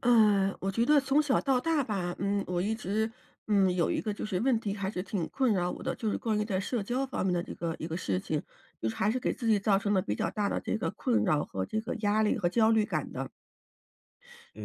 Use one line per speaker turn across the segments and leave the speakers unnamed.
呃，我觉得从小到大吧，嗯，我一直嗯，有一个就是问题还是挺困扰我的，就是关于在社交方面的这个一个事情，就是还是给自己造成了比较大的这个困扰，和这个压力和焦虑感的。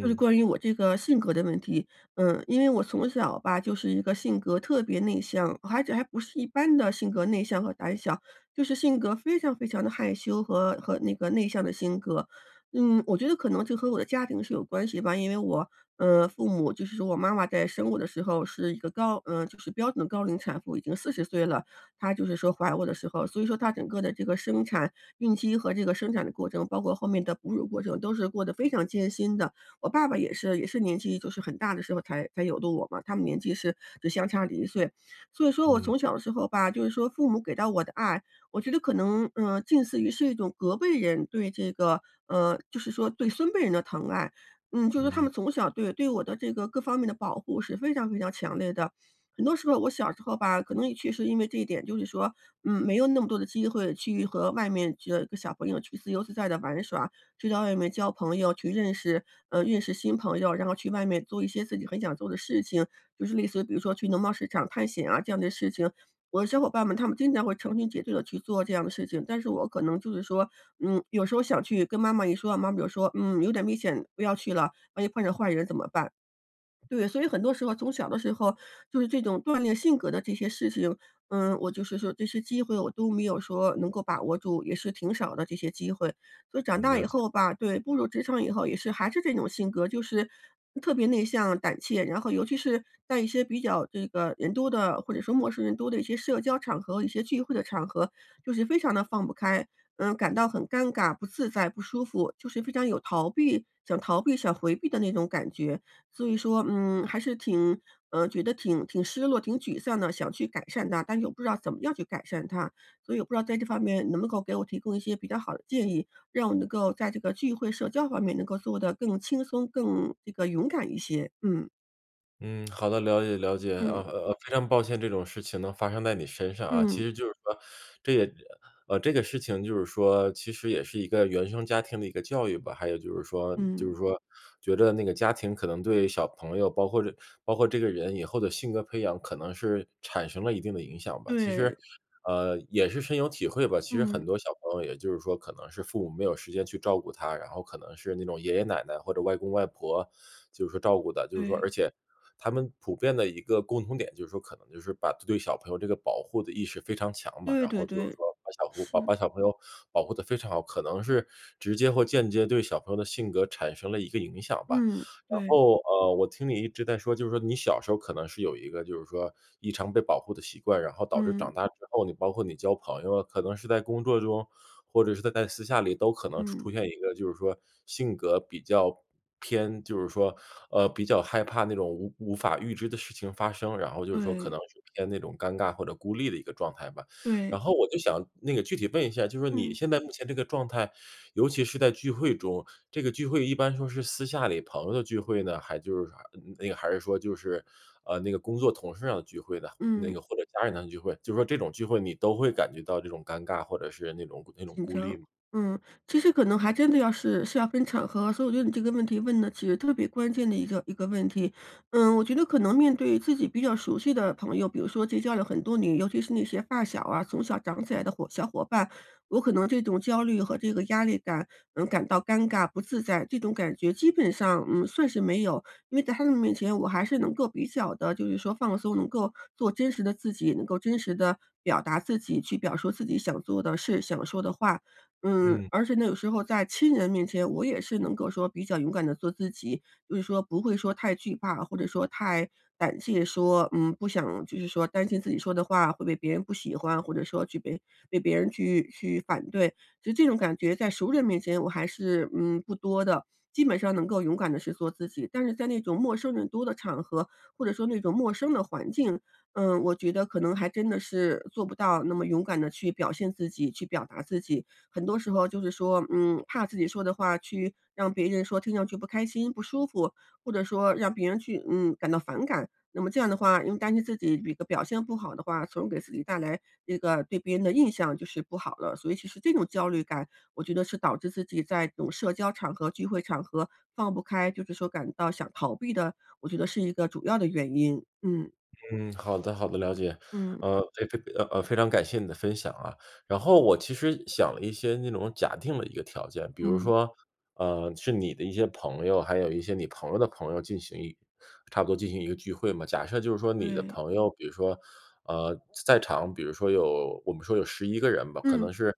就是关于我这个性格的问题，嗯，因为我从小吧，就是一个性格特别内向，而且还不是一般的性格内向和胆小，就是性格非常非常地害羞和和那个内向的性格。嗯，我觉得可能就和我的家庭是有关系吧，因为我，嗯，父母就是说我妈妈在生我的时候是一个高呃，就是标准高龄产妇，已经40岁了，她就是说怀我的时候。所以说她整个的这个生产、孕期和这个生产的过程，包括后面的哺乳过程，都是过得非常艰辛的。我爸爸也是也是年纪就是很大的时候才才有的我嘛，他们年纪是只相差1岁，所以说我
嗯。
从小的时候吧，就是说父母给到我的爱，我觉得可能，嗯，近似于是一种隔辈人对这个呃，就是说对孙辈人的疼爱，嗯，就是说他
嗯。
们从小对对我的这个各方面的保护是非常非常强烈的。很多时候我小时候吧，可能也确实是因为这一点，就是说，嗯，没有那么多的机会去和外面就小朋友去自由自在地玩耍，就在外面交朋友，去认识呃，认识新朋友，然后去外面做一些自己很想做的事情，就是类似比如说去农贸市场探险啊，这样的事情。我的小伙伴们，他们经常会成群结队地去做这样的事情。但是我可能就是说嗯，有时候想去，跟妈妈一说，妈妈就说：“嗯，有点危险，不要去了，万一碰着坏人怎么办？”对，所以很多时候从小的时候就是这种锻炼性格的这些事情，嗯，我就是说这些机会，我都没有说能够把握住，也是挺少的这些机会。所以长大以
了解。
后吧，对，步入职场以后也是还是这种性格，就是，嗯，特别内向、胆怯，然后尤其是在一些比较这个人多的，或者说陌生人多的一些社交场合，一些聚会的场合，就是非常地放不开。嗯，感到很尴尬、不自在、不舒服，就是非常有逃避想逃避、想回避的那种感觉。所以说，嗯，还是挺嗯，觉得挺挺失落、挺沮丧的，想去改善它，但是又不知道怎么样去改善它。所以我不知道在这方面能不能够给我提供一些比较好的建议，让我能够在这个聚会社交方面能够做得更轻松、更这个勇敢一些，嗯。
嗯，好的，了解了解。呃
嗯。
呃呃，非常抱歉，这种事情呢发生在你身上啊。
嗯。
其实就是说，这也呃，呃，这个事情就是说其实也是一个原生家庭的一个教育吧，还有就是说就
嗯。
是说觉着那个家庭可能对小朋友，包括这包括这个人以后的性格培养，可能是产生了一定的影响吧。其实
对。
呃，也是深有体会吧，其实
嗯。
很多小朋友也就是说可能是父母没有时间去照顾他，然后可能是那种爷爷奶奶或者外公外婆就是说照顾的。就是说，而
对。
且他们普遍的一个共同点，就是说可能就是把对对于小朋友这个保护的意识非常强吧。
对
然
对
后就是
对。
说把小护把
是。
把小朋友保护得非常好，可能是直接或间接对小朋友的性格产生了一个影响吧。
嗯，
然
对。
后，呃，我听你一直在说，就是说你小时候可能是有一个就是说异常被保护的习惯，然后导致
嗯。
长大之后，你包括你交朋友，可能是在工作中，或者是在在私下里都可能出
嗯。
出现一个就是说性格比较偏就是说，呃，比较害怕那种无无法预知的事情发生，然后就是说可
对。
能是偏那种尴尬或者孤立的一个状态吧。
对。
然后我就想那个具体问一下，就是说你
嗯。
现在目前这个状态，尤其是在聚会中，这个聚会一般说是私下里朋友的聚会呢，还就是啥那个还是说就是，呃，那个工作同事要聚会的，那
嗯。
个或者家人的聚会，就说这种聚会你都会感觉到这种尴尬或者是那种那种
紧
孤立
张。
吗？
嗯，其实可能还真的要是是要分场合，所以我觉得你这个问题问的其实特别关键的一个一个问题。嗯，我觉得可能面对自己比较熟悉的朋友，比如说结交了很多年尤其是那些发小啊，从小长起来的伙小伙伴，我可能这种焦虑和这个压力感，嗯，感到尴尬不自在，这种感觉基本上，嗯，算是没有。因为在他们面前我还是能够比较地就是说放松，能够做真实的自己，能够真实地表达自己去表述自己想做的事、想说的话。嗯，
嗯。
而且那个时候在亲人面前，我也是能够说比较勇敢地做自己，就是说不会说太惧怕，或者说太胆怯说，嗯，不想就是说担心自己说的话会被别人不喜欢，或者说去被被别人去去反对。就这种感觉在熟人面前我还是，嗯，不多的，基本上能够勇敢地去做自己。但是在那种陌生人多的场合，或者说那种陌生的环境，嗯，我觉得可能还真的是做不到那么勇敢地去表现自己、去表达自己。很多时候就是说，嗯，怕自己说的话去让别人说听上去不开心，不舒服，或者说让别人去，嗯，感到反感，那么这样的话，因为担心自己一个表现不好的话，从而给自己带来一个对别人的印象就是不好了，所以其实这种焦虑感，我觉得是导致自己在这种社交场合、聚会场合放不开，就是说感到想逃避的，我觉得是一个主要的原因，嗯。
嗯，好的好的，了解。
嗯。
呃，非非非，呃呃，非常感谢你的分享啊，然后我其实想了一些那种假定了一个条件。比如
嗯。
说，呃，是你的一些朋友，还有一些你朋友的朋友进行一差不多进行一个聚会嘛。假设就是说你的
对。
朋友，比如说，呃，在在场比如说有我们说有11个人吧，可
嗯。
能是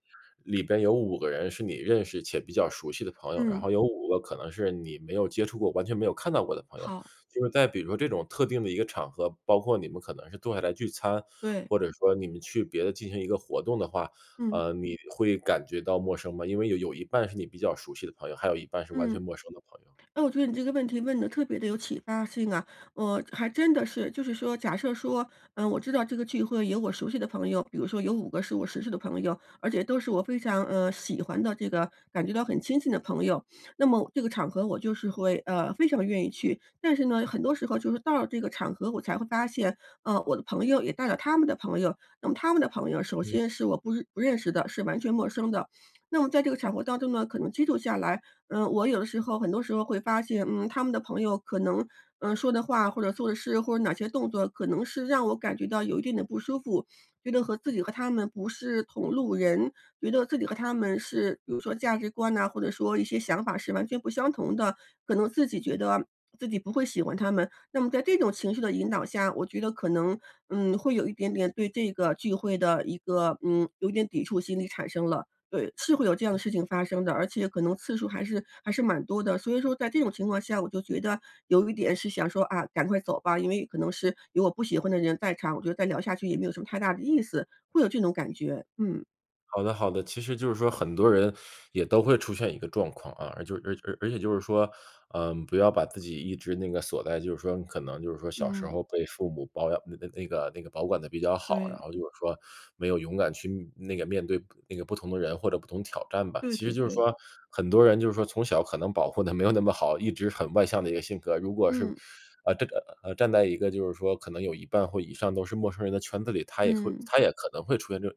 里边有5个人是你认识且比较熟悉的朋友，然
嗯。
后有5个可能是你没有接触过，完全没有看到过的朋友。
好。
就是在比如说这种特定的一个场合，包括你们可能是坐下来聚餐，
对。
或者说你们去别的进行一个活动的话，
嗯。
呃，你会感觉到陌生吗？因为有有一半是你比较熟悉的朋友，还有一半是完
嗯。
全陌生的朋友。
那我觉得你这个问题问得特别地有启发性啊。嗯，还真的是就是说假设说，嗯，我知道这个聚会有我熟悉的朋友，比如说有5个是我熟悉的朋友，而且都是我非常，呃，喜欢的这个感觉到很亲近的朋友，那么这个场合我就是会呃，非常愿意去。但是呢，很多时候就是到了这个场合，我才会发现，呃，我的朋友也带了他们的朋友。那么他们的朋友，首
嗯
先是我不不认识的，是完全陌生的，那么在这个场合当中呢，可能接触下来，嗯，我有的时候很多时候会发现，嗯，他们的朋友可能，嗯，说的话或者做的事，或者哪些动作可能是让我感觉到有一定的不舒服，觉得和自己和他们不是同路人，觉得自己和他们是比如说价值观呐，或者说一些想法是完全不相同的。可能自己觉得自己不会喜欢他们，那么在这种情绪的引导下，我觉得可能，嗯，会有一点点对这个聚会的一个，嗯，有一点抵触心理产生了。对，是会有这样的事情发生的，而且可能次数还是还是蛮多的，所以说在这种情况下，我就觉得有一点是想说：“啊，赶快走吧。”因为可能是有我不喜欢的人在场，我觉得再聊下去也没有什么太大的意思，会有这种感觉，嗯。
好的好的，其实就是说很多人也都会出现一个状况啊，而就而而且就是说，呃，不要把自己一直那个锁在就是说可能就是说小时
嗯。
候被父母保养那那个那个保管得比较好。然
对。
后就是说没有勇敢去那个面对那个不同的人或者不同挑战吧。
对
其实
对
就是
对。
说很多人就是说从小可能保护得没有那么好，一直很外向的一个性格。如果是
嗯。
呃，这个呃，站在一个就是说可能有一半或以上都是陌生人的圈子里，他也会
嗯。
他也可能会出现这种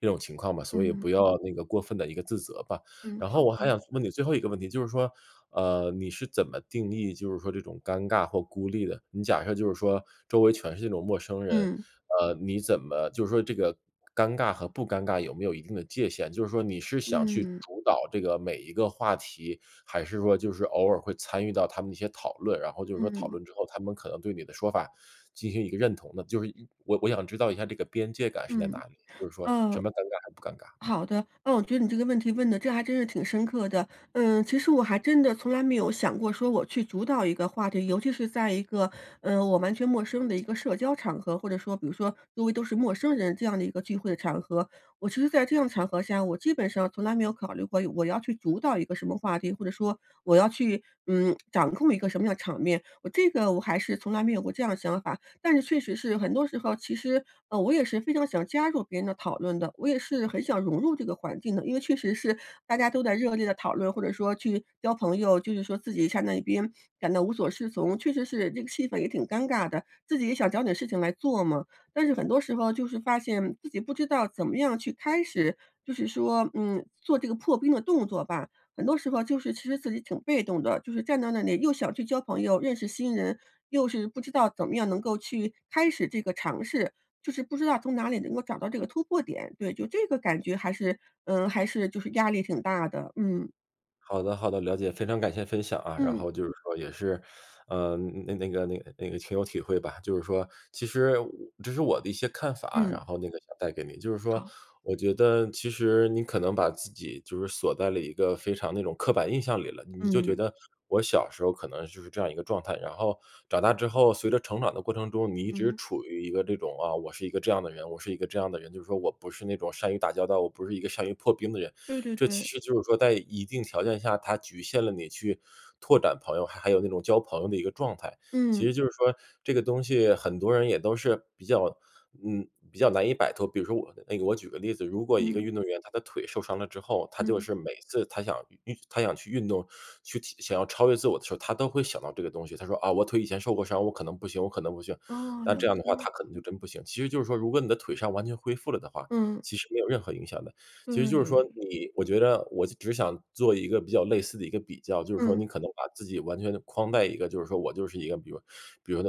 这种情况吧，所以
嗯。
不要那个过分的一个自责吧。
嗯，
然
好
后我还
的。
想问你最后一个问题，就是说，呃，你是怎么定义，就是说这种尴尬或孤立的？你假设就是说，周围全是那种陌生人，
嗯。
呃，你怎么就是说这个尴尬和不尴尬有没有一定的界限？就是说你是想去
嗯。
主导这个每一个话题？还是说就是偶尔会参与到他们的一些讨论，然后就是说讨
嗯。
论之后，他们可能对你的说法，进行一个认同呢？就是我我想知道一下这个边界感是在哪
嗯，
里？就是说，什
呃
么尴尬还是不尴尬？嗯。
好的，那我觉得你这个问题问得，这还真是挺深刻的。嗯，其实我还真的从来没有想过说我去主导一个话题，尤其是在一个，呃，我完全陌生的一个社交场合，或者说比如说，周围都是陌生人这样的一个聚会的场合，我其实在这样的场合下，我基本上从来没有考虑过我要去主导一个什么话题，或者说我要去，嗯，掌控一个什么样的场面，我这个我还是从来没有过这样的想法。但是确实是很多时候，其实，呃，我也是非常想加入别人的讨论的，我也是很想融入这个环境的。因为确实是，大家都在热烈地讨论，或者说，去交朋友，就是说自己站在一边，感到无所适从，确实是这个气氛也挺尴尬的，自己也想找点事情来做嘛。但是很多时候，就是发现自己不知道怎么样去开始，就是说，嗯，做这个破冰的动作吧，很多时候就是其实自己挺被动的，就是站在那里又想去交朋友认识新人，又是不知道怎么样能够去开始这个尝试，就是不知道从哪里能够找到这个突破点？对，就这个感觉还是嗯，还是就是压力挺大的，嗯。
好的好的，了解，非常感谢分享啊，然
嗯。
后就是说也是，呃，那那个那个那个挺有体会吧，就是说，其实我这是我的一些看法啊，
嗯。
然后那个想带给你。就是说
好。
我觉得其实你可能把自己就是锁在了一个非常那种刻板印象里了。你就觉
嗯。
得，我小时候儿可能就是这样一个状态，然后长大之后随着成长的过程中，你一直
嗯？
处于一个这种，啊，我是一个这样的人，我是一个这样的人，就是说我不是那种善于打交道，我不是一个善于破冰的人。
对对
这其
对。
实就是说在一定条件下，它局限了你去拓展朋友，还还有那种交朋友的一个状态，其
嗯。
实就是说，这个东西很多人也都是比较嗯，比较难以摆脱。比如说我的那个我举个例子，如果一个
嗯。
运动员他的腿受伤了之后，他就
嗯。
是每次他想运运他想去运动，去体想要超越自我的时候儿，他都会想到这个东西，他说：“啊，我腿以前受过伤，我可能不行，我可能不行。”
哦，
那
有
这样的话
经验。
他可能就真不行，其实就是说如果你的腿伤完全恢复了的话，
嗯。
其实没有任何影响的。其实就是说，
对。
你我觉着我就只想做一个比较类似的一个比较，就是说你
嗯。
可能把自己完全地框在一个，就是说我就是一个，比如说比如说，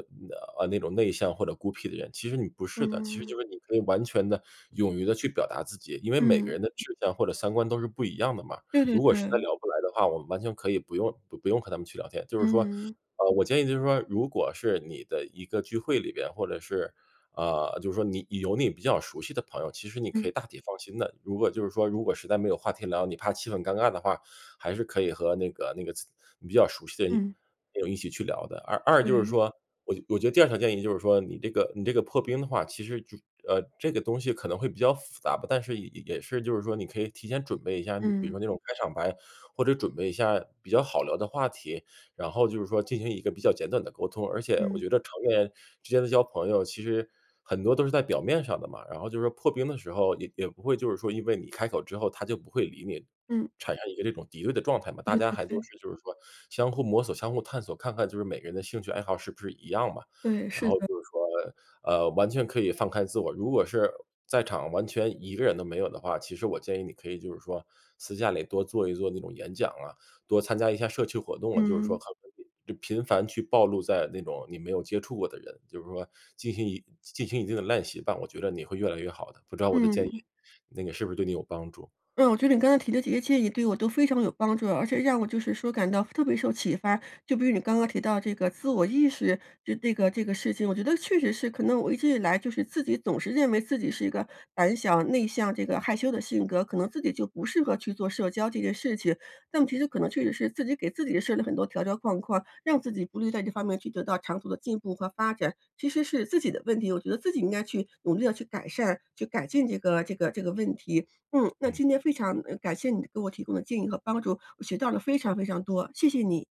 啊，那种内向或者孤僻的人，其实你不是的，其实
嗯。
就是你可以完全地勇于地去表达自己。因为每个
嗯。
人的志向或者三观都是不一样的嘛，
对对
如果实在
对。
聊不来的话，我们完全可以不用不不用和他们去聊天，就是说，
嗯嗯。
啊，我建议就是说，如果是你的一个聚会里边，或者是，啊，就是说你有你比较熟悉的朋友，其实你可
嗯。
以大体放心的，如果就是说，如果实在没有话题聊，你怕气氛尴尬的话，还是可以和那个那个自你比较熟悉的一
嗯。
朋友一起去聊的。二二就是
对。
说，我觉我觉得第二条建议就是说，你这个你这个破冰的话，其实就呃，这个东西可能会比较复杂吧，但是也也是就是说你可以提前准备一下儿，比比如
嗯。
说那种开场白或者准备一下比较好聊的话题，然后就是说进行一个比较简短的沟通。而且我
嗯。
觉着成年之间的交朋友其实很多都是在表面上的嘛，然后就是说破冰的时候也也不会，就是说因为你开口之后他就不会理你
嗯。
产生一个这种敌对的状态嘛，大
对
家
对
还都
对。
是就是说相互摸索、相互探索，看看就是每个人的兴趣爱好是不是一样嘛。
对，
然
是
后
的。
就是说，呃，完全可以放开自我，如果是在场完全一个人都没有的话，其实我建议你可以就是说，私下里多做一做那种演讲啊，多参加一下社区活动啊，就是说
嗯。
可能比去频繁去暴露在那种你没有接触过的人，就是说进行一进进行一定的练习吧，我觉着你会越来越好的，不知道我的建议，
嗯。
那个是不是对你有帮助。
嗯，我觉着你刚才提的这些建议对我都非常有帮助，而且让我就是说感到特别受启发。就比如你刚刚提到这个自我意识，就这个这个事情，我觉得确实是，可能我一直以来就是自己总是认为自己是一个胆小、内向、这个害羞的性格，可能自己就不适合去做社交这件事情。但其实可能确实是自己给自己设了很多条条框框，让自己不利于在这方面去得到长足的进步和发展，其实是自己的问题，我觉得自己应该去努力地去改善，去改进这个这个这个问题。嗯，那
嗯。
今天非常嗯，感谢你给我提供的建议和帮助，我学到了非常非常多，谢谢你。